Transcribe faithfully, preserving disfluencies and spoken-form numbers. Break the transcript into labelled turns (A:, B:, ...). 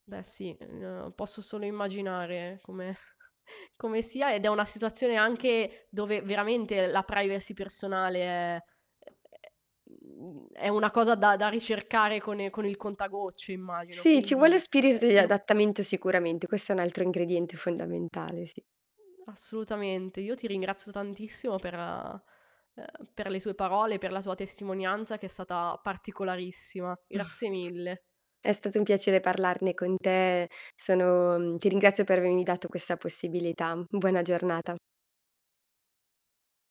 A: Beh, sì, eh, posso solo immaginare come come sia ed è una situazione anche dove veramente la privacy personale è ehm, è una cosa da da ricercare con con il contagocci immagino.
B: Sì, ci vuole
A: Quindi,
B: spirito
A: eh,
B: di
A: io
B: adattamento sicuramente. Questo è un altro ingrediente fondamentale, sì.
A: Assolutamente, io ti ringrazio tantissimo per eh, eh, per le tue parole, per la tua testimonianza che è stata particolarissima. Grazie mille.
B: È stato un piacere parlarne con te. Sono mh, ti ringrazio per avermi dato questa possibilità. Buona giornata.